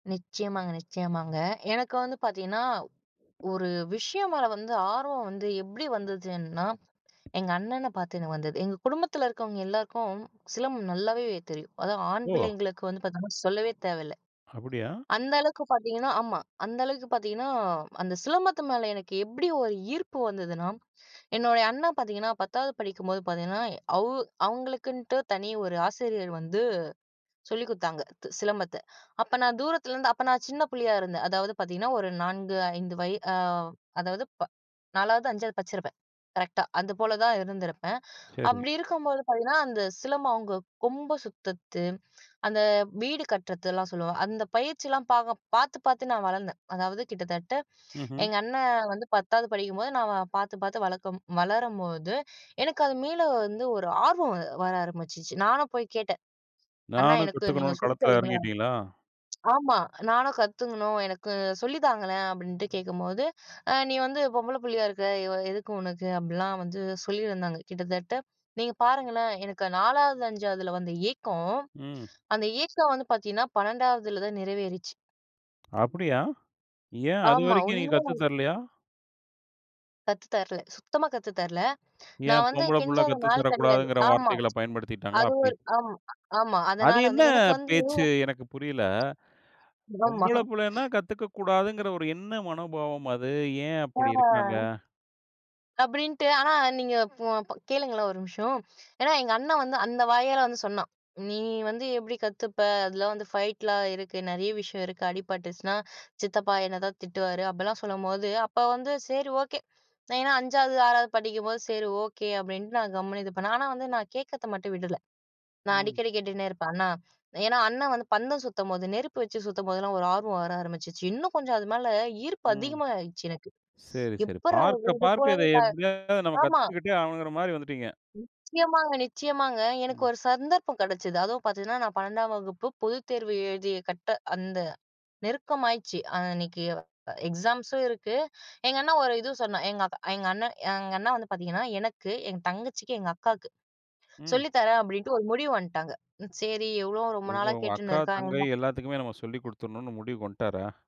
நிச்சயமாங்க நிச்சயமாங்க. எனக்கு வந்து பாத்தீங்கன்னா, ஒரு விஷயம் மேல வந்து ஆர்வம் வந்து எப்டி வந்ததுன்னா, எங்கண்ணன பாத்து நான் வந்தது. எங்க குடும்பத்தில இருக்கவங்க எல்லாருக்கும், சிலம்பம் நல்லாவே தெரியும். அதுவும் ஆண் ஓ! பிள்ளைங்களுக்கு வந்து பாத்தீங்கன்னா சொல்லவே தேவையில்லை அப்படியா. அந்த அளவுக்கு பாத்தீங்கன்னா, ஆமா. அந்த அளவுக்கு பார்த்தீங்கன்னா, அந்த சிலம்பத்து மேல எனக்கு எப்படி ஒரு ஈர்ப்பு வந்ததுன்னா என்னுடைய அண்ணா பாத்தீங்கன்னா, 10வது படிக்கும்போது பார்த்தீங்கன்னா, அவ்வு அவங்களுக்குன்ட்டு தனி ஒரு ஆசிரியர் வந்து சொல்லிக் குடுத்தாங்க. த சிலம்பத்த அப்ப நான் தூரத்திலேருந்து அப்ப நான் சின்ன புள்ளையா இருந்தேன். அதாவது பார்த்தீங்கன்னா, ஒரு 4 5 வய ஆ அதாவது, ப 4வது 5வது படிச்சிருப்பேன் கரெக்ட்டா அது போல தான் இருந்திருப்பேன். சேரி. அப்டி இருக்கும்போது பார்த்தீங்கன்னா, அந்த சிலம்பம் அவங்க கொம்ப சுத்தத்து அந்த வீடு கட்டுறதுலாம் சொல்லுவாங்க. அந்த பயிற்சியிலாம் பாக பாத்து பாத்து நான் வளர்ந்தேன். அதாவது கிட்டத்தட்ட, ம்ஹும். எங்கண்ணன் வந்து 10வது படிக்கும்போது நான் அவன பாத்து பாத்து வளக்கும் வளரும்போது, எனக்கு அது மீள வந்து ஒரு ஆர்வம் வர ஆரம்பிச்சுச்சு. நானும் போய் கேட்டேன், அண்ணா நானும் எனக்கு கத்துக்கனு நீங்க சொல்லி களத்தில தரீங்களா. எறங்கீடீங்களா? ஆமா. நானும் கத்துக்கணும், எனக்கு சொல்லி தாங்களேன். அப்படின்ட்டு கேட்கும்போது, ஆ நீ வந்து பொம்பள புள்ளையா இருக்க, இவ எதுக்கு உனக்கு. அப்படிலாம் வந்து சொல்லியிருந்தாங்க கிட்டத்தட்ட, நீங்க பாருங்களேன் எனக்கு 4வது 5ஆவதுல வந்த ஏக்கம். ம். அந்த ஏக்கம் வந்து பார்த்தீங்கன்னா, 12ஆவதுலதான் நிறைவேறுச்சு. அப்படியா! ஏன் அது ஆமா. வரைக்கும் நீ உண்மையா கத்து [unintelligible] தரலையா? கத்து தரல. சுத்தமா கத்து தரல. ஏன்? நான் வந்து பொம்பளபுள்ள கெஞ்சாத கத்து நாள் கெடையாது தரக்கூடாதுங்கிற ஆமா வார்த்தைகள பயன்படுத்தீட்டாங்களா? அது அப்படி. ஒரு ஆம் ஆமா அது அதனால என்ன வந்து, எனக்கு வந்து. பேச்சு? எனக்கு புரியல, ஆமா. பொம்பள புள்ளைனா கத்துக்க கூடாதுங்குற ஒரு என்ன மனோபாவம் அது. ஏன் அப்படி இருக்காங்க? ஆ. அப்டீன்ட்டு. ஆனா நீங்க போ அப்பொ கேளுங்களேன் ஒரு நிமிஷம். ஏனா எங்கண்ண வந்து அந்த வாயால வந்து சொன்னான். நீ வந்து எப்டி கத்துப்ப. அதில வந்து ஃபைட்லா இருக்கு. நெறைய விஷயம் இருக்கு. அடிபட்டுச்சினா சித்தப்பா என்னை தான் திட்டுவாரு. அப்படிலாம் சொல்லும்போது, அப்ப வந்து சேரி ஓகே ஏன்னா 5சாவது 6வது படிக்கும்போது சரி ஓகே. அப்படின்ட்டு நான் கம்முனு இது பண்ணேன். ஆனா வந்து நான் கேட்கிறத மட்டும் விடல. நான் ம். அடிக்கடி கேட்டுன்னே இருப்பேன், அண்ணா. ஏன்னா அண்ணா வந்து பந்தம் சுத்தும்போது, நெருப்பு வச்சு சுத்தும்போதெல்லாம் ஒரு ஆர்வம் வர ஆரம்பிச்சுச்சு. இன்னும் கொஞ்சம் அது மேல ஈர்ப்பு ம். அதிகமா ஆயிடுச்சு எனக்கு. சரி சரி. எப்புட்றா! பார்க்க இது போல பார்க்க இத கா எப்படியாது நம்ம ஆமா. கத்துக்கிட்டே ஆகணுங்குற மாரி வந்துட்டீங்க. நிச்சயமாங்க நிச்சயமாங்க. எனக்கு ம். ஒரு சந்தர்ப்பம் கெடைச்சது. அதுவும் பார்த்தீங்கன்னா, நான் 12 வகுப்பு பொதுத்தேர்வு எழுதி கட்ட அந்த நெருக்கமாயிடுச்சு, அன்னைக்கு எக்ஸாம்ஸும் இருக்கு. எங்கண்ண ஒரு இது சொன்னான், எங்கக்கா எங்கண்ண எங்கண்ணா வந்து பார்த்தீங்கன்னா, எனக்கு எங் தங்கச்சிக்கு, எங்கக்காக்கு ம். சொல்லி தரேன் அப்படின்ட்டு ஒரு முடிவு வன்டாங்க. சேரி எவ்வளோ ரொம்ப ஒவ் நாளா ஒவ் அக்கா, கேட்டுன்னு தங்கை இருக்கா. எல்லாத்துக்குமே நம்ம சொல்லி குடுத்துட்ணும்னு முடிவுக்கு வன்டாரா?